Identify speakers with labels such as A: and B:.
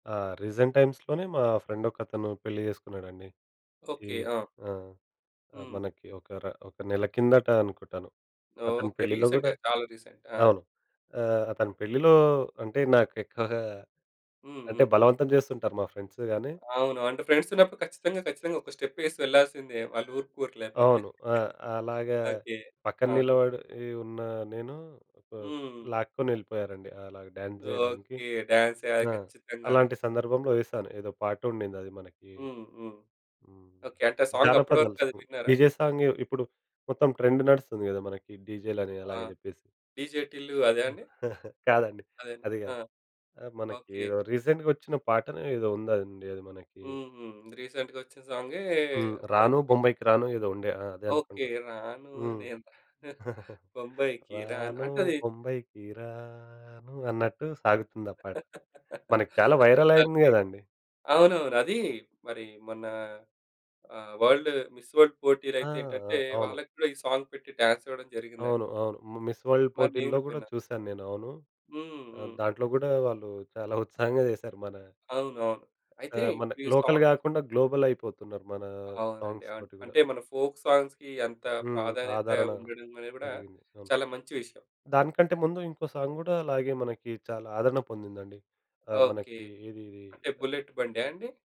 A: ఆహ్, రీసెంట్ టైమ్స్‌లోనే మా ఫ్రెండ్ ఒకతను పెళ్లి చేసుకున్నాడండి. ఈ
B: ఓకే. ఆ!
A: ఆ! ఆహ్,
B: హ్మ్.
A: మనకి ఒకర ఒక నెల కిందట అనుకుంటాను. అతని
B: ఓకే.
A: పెళ్ళిలో కూడా
B: రీసెంట్‌గా, చాలా రీసెంట్. ఆ!
A: అవును. ఆహ్, అతని పెళ్ళిలో అంటే నాకెక్కువగా
B: హ్మ్.
A: అంటే,
B: హ్మ్.
A: బలవంతం చేస్తుంటారు మా ఫ్రెండ్స్‌ గాని.
B: అవును. అంటే, ఫ్రెండ్స్ ఉన్నప్పుడు ఖచ్చితంగా, ఖచ్చితంగా ఒక స్టెప్ ఏసి వెళ్ళాల్సిందే. వాళ్ళు ఊరుకొరు లేకపోతే.
A: అవును. ఆహ్, అలాగా
B: ఓకే.
A: పక్కన
B: అవును.
A: నిలబడి ఉన్న నేను ఆహ్,
B: హ్మ్.
A: లాక్కొని ఎళ్ళిపోయారండి. అలా డ్యాన్స్ ఏయడానికి.
B: ఓకే. డాన్స్ ఏయాలి
A: ఆ!
B: ఖచ్చితంగాని.
A: అలాంటి సందర్భంలో ఏశాను. ఏదో పాట ఉండింది అది మనకి
B: హ్మ్. హ్మ్.
A: హ్మ్,
B: ఓకే. అంటే, సాంగ్ అప్పడు వరకు
A: జానపదాలు
B: అది
A: సాంగ్.
B: విన్నారా?
A: డీజే సాంగ్ ఇప్పుడు మొత్తం ట్రెండ్ నడుస్తుంది కదా మనకి. డీజేలు అని
B: ఆ!
A: అలాగా చెప్పేసి.
B: 'డిజే టిల్లు' అదా అండి?
A: కాదండి.
B: అదేనా?
A: అది
B: ఆ!
A: కాదు. ఆహ్, మనకి
B: ఓకే.
A: రీసెంట్‌గా వచ్చిన పాట ఏదో ఉందండి అది మనకి.
B: హ్మ్. హ్మ్. రీసెంట్‌గా వచ్చిన సాంగే
A: హ్మ్.
B: అది
A: 'రాను
B: పె
A: బొంబాయికి రాను' ఏదో ఉండే. ఆ! అదే
B: ఓకే.
A: అనుకుంటా
B: 'రాను
A: హ్మ్.
B: నేను రా బొంబాయికి రాను'
A: రాను
B: అంటే అది
A: బొంబాయికి రాను అన్నట్టు సాగుతుంది ఆ పాట. మనకి చాలా వైరల్ అయింది
B: ఓకే.
A: కదండీ!
B: అవునవును. అది మరి మొన్న ఆహ్ వరల్డ్ మిస్ వరల్డ్
A: ఆ!
B: పోటీలైతే ఏంటంటే,
A: అవును.
B: వాళ్ళకి కూడా ఈ సాంగ్ పెట్టి డాన్స్ ఇవ్వడం
A: అవును.
B: జరిగిందని...
A: అవును. మిస్ వరల్డ్
B: మరి నేను
A: పోటీల్లో కూడా
B: విన్నా.
A: చూశాను నేను అవును.
B: హ్మ్.
A: ఆహ్,
B: హ్మ్.
A: దాంట్లో కూడా వాళ్ళు చాలా ఉత్సాహంగా చేశారు. మన
B: అవునవును. అయితే,
A: ఆహ్, మన
B: ఇప్పుడు ఈ
A: లోకల్
B: సాంగ్
A: కాకుండా గ్లోబల్ అయిపోతున్నారు. మన
B: అవునండి.
A: సాంగ్స్‌‌ తోటి కూడా.
B: అంటే, మన ఫోల్క్ సాంగ్స్‌కి ఎంత
A: హ్మ్.
B: ప్రాధాన్యత
A: ఆదరణ
B: ఉండడం అనేది కూడా
A: పెరిగింది. అవును.
B: చాలా మంచి విషయం.
A: దానికంటే ముందు ఇంకో సాంగ్ కూడా, అలాగే మనకి చాలా ఆదరణ పొందిందండి. ఆహ్,
B: ఓకే.
A: మనకి ఏది ఇది
B: అంటే
A: ద
B: 'బుల్లెట్ బండా' అండి?